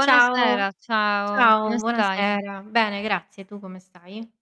Ciao. Ciao, Ciao, come stai? buonasera. Bene grazie, tu come stai?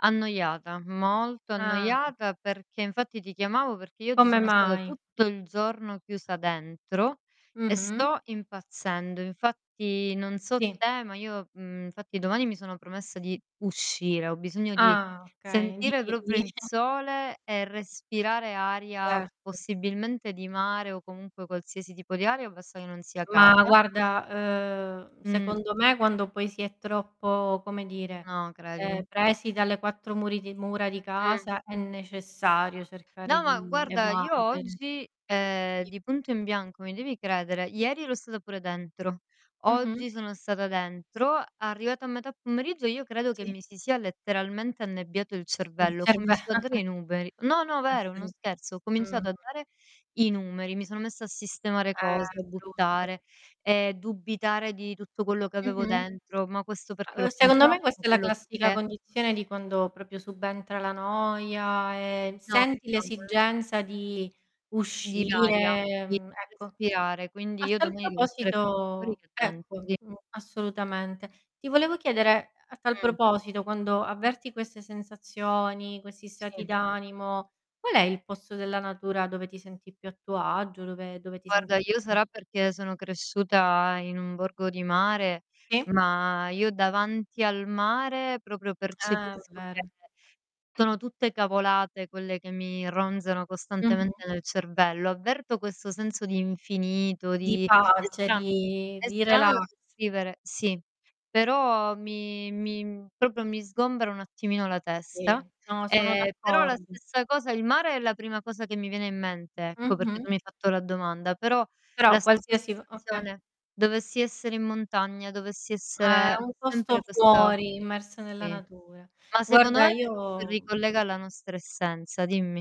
Annoiata, molto Ah. annoiata perché infatti, ti chiamavo perché io oggi Come sono stata mai? tutto il giorno chiusa dentro, e Mh-mh. sto impazzendo. Infatti, non so Sì. te ma io mhmm, fatti domani mi sono promessa di uscire, ho bisogno di Ah, okay, di sentire di proprio il sole e respirare aria, Certo. possibilmente di mare, o comunque qualsiasi tipo di aria o basta che non sia Ma casa. guarda, uhm, Mh. secondo me quando poi si è troppo, come dire, No, ehm, credimi. presi dalle 4 muri di mura di Mh. casa è necessario cercare No, ma di guarda io evadere. oggi, ehm, I di punto in bianco, mi devi credere ieri ero stata pure dentro, Mh-mh. oggi sono stata dentro, arrivata a metà pomeriggio io credo che Sì. mi si sia letteralmente annebbiato il Il cervello. Ho cerve cominciato a dare i numeri, no, no vero, non Esseri scherzo. Ho mh. cominciato a dare i numeri, mi sono messa a sistemare Eh, cose, brutto. buttare, ehm, dubitare di tutto quello che avevo Mh-mh. dentro: "Ma questo perché Uhm, l'ho secondo me comprato, ma questa è la quello classica perché" condizione di quando proprio subentra la noia e No, senti no ancora no. l'esigenza di Di varia, uscire, di mhmm, ecco. respirare. Quindi A io tal domani devo stare più fuori proposito che dentro. ecco, Di mh, assolutamente. Ti volevo chiedere, ehm, a tal Mh. proposito: quando avverti queste sensazioni, questi stati Sì. d'animo, qual è il pozzo della natura dove ti senti più a tuo agio, dove dove ti Guarda, senti io [unintelligible] sarà perché sono cresciuta in un borgo di mare, I ma io davanti al mare proprio Eh, percepisco che vero. tono tutte cavolate quelle che mi ronzano Mh-mh. costantemente nel cervello. Avverto questo senso di infinito, Di di è pace, strano di è di strano da relax. descrivere, sì, però mi mi, mhmm, proprio mi sgombera un attimino la Sì. testa, No, sono d' ehm, però la accordo. stessa cosa il mare è la prima cosa che mi viene in mente, ecco, perché Mh-mh. tu mi hai fatto la domanda, però la Però stessa qualsiasi vo okay. sensazione dovessi essere in montagna, dovessi Eh, essere un ho posto sempre questa fuori, immerso nella sì. natura. Ma secondo Guarda, me perchè ci io ricollega alla nostra essenza, dimmi.